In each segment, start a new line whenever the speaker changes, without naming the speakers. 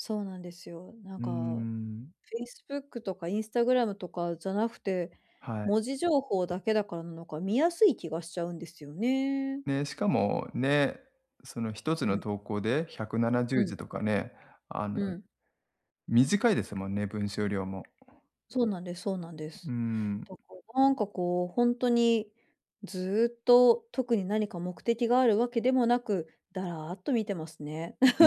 そうなんですよ、な
う
ん
ー
か、
ん。
facebook とか Instagram とかじゃなくて、
はい。
文字情報だけだかんのか、見やすい気がしちゃうんですよね。
ね、しかもね、その一つ
う
の
ん。
投稿でひゃくななじゅ
う
う
ん。
じとかね、あの、
うん。
短いですもんね、文章量も。
そうなんです、そうなんで
うー
す。
ん。
とこ、なんかこう、ほんとに、ずっと特に何か目的があるわけでもなく、だらっと見てますね。
うー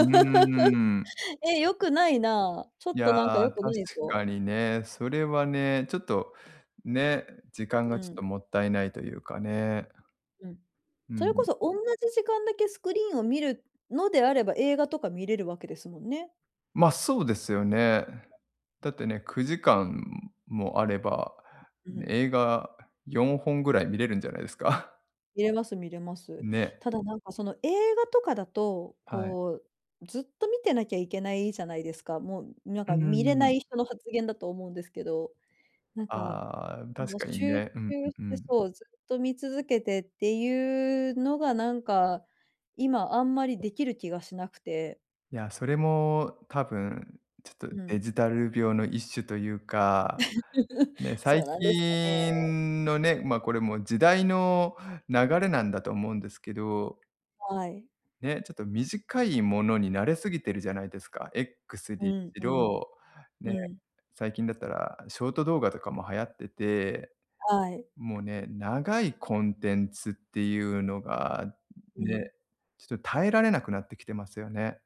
ん。
え、良くないな。ちょ
い
っと
や
なんか
あ、
良く
確
ないぞ。
かにね、それはね、ちょっと、ね、時間が
う
ちょっと
ん。
もったいないというかね。
うん。
うんう
それこ
ん。
そ、おんなじ時間だけスクリーンを見るのであれば、映画とか観れるわけですもんね。
ま、そうですよね。だってね、9時間もあれば、
うん。
映画4本ぐらい観れるんじゃないですか？
観れます、観れます。
ね。
ただなんかその映画とかだと、
はい。
こうずっと観てなきゃいけないじゃないですか？もうなん
うー
か、観れない
ん。
人の発言だと思うんですけど、なんか、
ああ、確
もう
かに
集
ね。うん、う、
中し
う
て、
ん。
そう、ずっと観続けてっていうのがなんか、今あんまりできる気がしなくて。
いや、それも多分ちょっと
う
デ
ん。
ジタル病の一種というか、ね、
そ
最
うなんですかね。
近のね、ま、これも時代の流れなんだと思うんですけど
はい。
ね、ちょっと短いものに慣れすぎてるじゃないですか？X
う
に
ん、
い
うん。
ろ、ね、
うん。
最近だったら、ショート動画とかも流行ってて、
はい。
もうね、長いコンテンツっていうのが、
う
ね、
ん。
ちょっと耐えられなくなってきてますよね。